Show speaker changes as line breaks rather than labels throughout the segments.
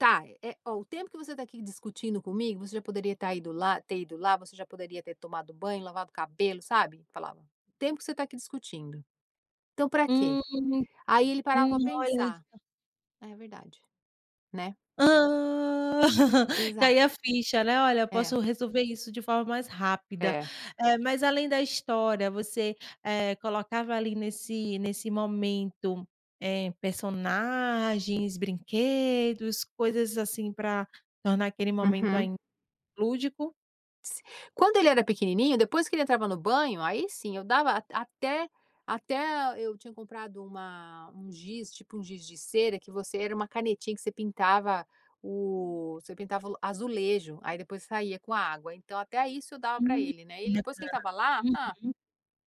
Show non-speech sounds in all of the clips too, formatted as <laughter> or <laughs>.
Tá. Eh, ó, o tempo que você tá, aqui, discutindo comigo, você já, poderia estar ido lá ter ido, lá. Você já poderia ter tomado banho, lavado o cabelo, sabe. Falava: "O tempo que você tá aqui discutindo. Então, pra quê?"
Hum.
Aí, ele parava
Hum.
pra
Olha,
pensar,
só.
"É verdade". Né.
Hã. <giggles>
Exato.
Caía a ficha, né. Olha eu
É.
posso resolver isso de forma mais rápida.
É.
Eh, mas além da história, você, eh, colocava, ali, nesse nesse momento, eh, personagens, brinquedos, coisas, assim, pra tornar aquele momento
Uhum.
ainda mais lúdico?
Quando ele era pequenininho, depois, que ele entrava no banho, aí, sim, eu dava at até até e, eu tinha comprado uma um giz, tipo, um giz de cera que você era uma canetinha, que você pintava o você pintava o azulejo. Aí, depois, saía com água. Então, até isso eu dava pra
Hum.
ele, né. E ele depois que
Bacana.
ele estava lá, hã,
Uhum.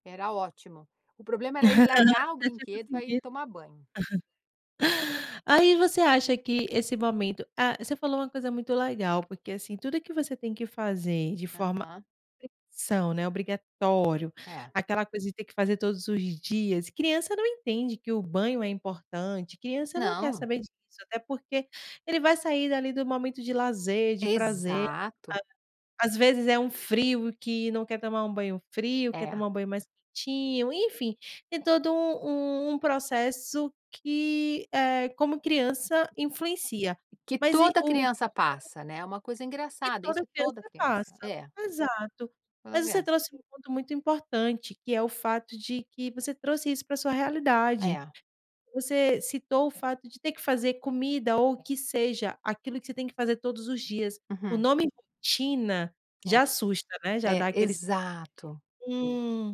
era ótimo. O problema era ele
<laughs>
largar o
Você já tinha
brinquedo pra ir
conseguido.
tomar banho.
Aí você acha que esse momento, ah, você falou uma coisa muito legal. Porque, assim, tudo que você tem que fazer de forma,
Aham.
sob pressão, né, obrigatório.
É.
Aquela coisa de ter que fazer todos os dias. Criança não entende que o banho é importante. Criança não quer
Não.
saber disso, até porque, ele vai sair dali do momento de lazer, de prazer, como
Exato.
se fala. Às vezes, é um frio que não quer tomar um banho frio. Quer
É.
tomar um banho mais quentinho, enfim. Tem todo um um um processo que, eh, como criança, influencia.
Que
Mas, e
toda
o
criança
<unintelligible>
passa, né. É uma coisa
Que
engraçada
toda
isso, toda
criança
criança.
passa.
É.
Exato.
Toda
Mas você
criança.
trouxe um ponto muito importante, que é o fato de que você trouxe isso pra a sua realidade.
É.
Você citou o fato de ter que fazer comida ou o que seja, aquilo que você tem que fazer todos os dias. O
Uhum.
nome "rotina"
É.
já, assusta, né, já
É.
dá aquele sentimento
Exato.
de, hum.